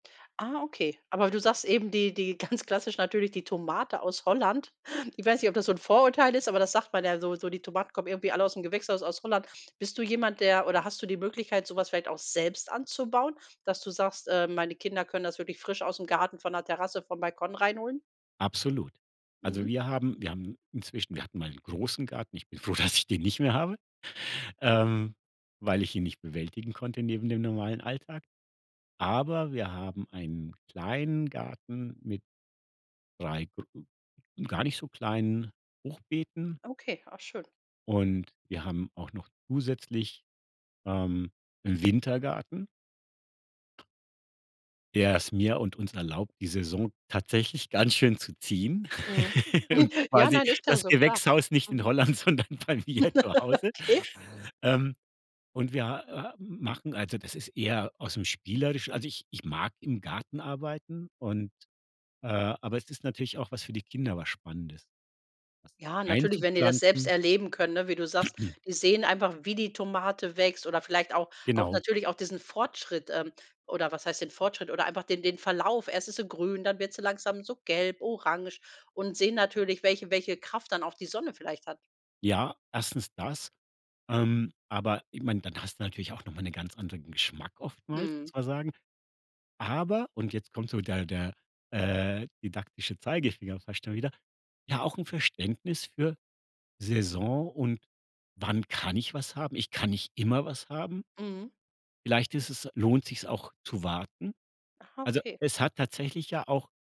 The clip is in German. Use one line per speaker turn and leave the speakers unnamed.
Ah, okay. Aber du sagst eben, die die ganz klassisch natürlich die Tomate aus Holland. Ich weiß nicht, ob das so 'n Vorurteil ist, aber das sagt man ja so so die Tomaten kommen irgendwie alle aus'm Gewächshaus aus Holland. Bist du jemand, der oder hast du die Möglichkeit, so was vielleicht auch selbst anzubauen, dass du sagst: „Äh, meine Kinder können das wirklich frisch aus'm Garten von der Terrasse vom Balkon reinholen?“
Absolut. Also
Mhm.
wir haben wir haben inzwischen wir hatten mal n' großen Garten. Ich bin froh, dass ich den nicht mehr habe, ähm, weil ich ihn nicht bewältigen konnte neben dem normalen Alltag. Aber wir haben einen kleinen Garten mit 3 gro gar nicht so kleinen Hochbeeten
Okay, ah schön.
und wir haben auch noch zusätzlich, ähm, 'n Wintergarten der es mir und uns erlaubt, die Saison tatsächlich ganz schön zu ziehen
Mhm.
und
Ja,
quasi
nein, ist ja
das
so, klar.
Gewächshaus nicht in
Mhm.
Holland, sondern bei mir zu Hause,
Okay.
ähm, und wir h h machen also, das ist eher aus'm Spielerisch also ich ich mag im Garten arbeiten und, äh, aber es ist natürlich auch was für die Kinder, was Spannendes, was
Ja, natürlich, wenn die das selbst
einzupflanzen.
erleben können, ne? Wie du sagst, die sehen einfach, wie die Tomate wächst, oder vielleicht auch auch
Genau.
natürlich auch diesen Fortschritt ähm, oder was heißt den Fortschritt, oder einfach den den Verlauf. Erst ist sie grün, dann wird sie langsam so gelb, orange und sehen natürlich, welche welche Kraft dann auch die Sonne vielleicht hat.
Ja, erstens das, ähm, aber ich meine, dann hast du natürlich auch noch mal 'ne ganz anderen Geschmack oftmals,
Mhm.
muss man sagen, aber- und jetzt kommt so der der, äh, didaktische Zeigefinger fast schon wieder- ja, auch 'n Verständnis für Saison und wann kann ich was haben. Ich kann nicht immer was haben.
Mhm.
Vielleicht ist es lohnt sich's auch zu warten.
Ah,
Also
Okay.
es hat tatsächlich ja auch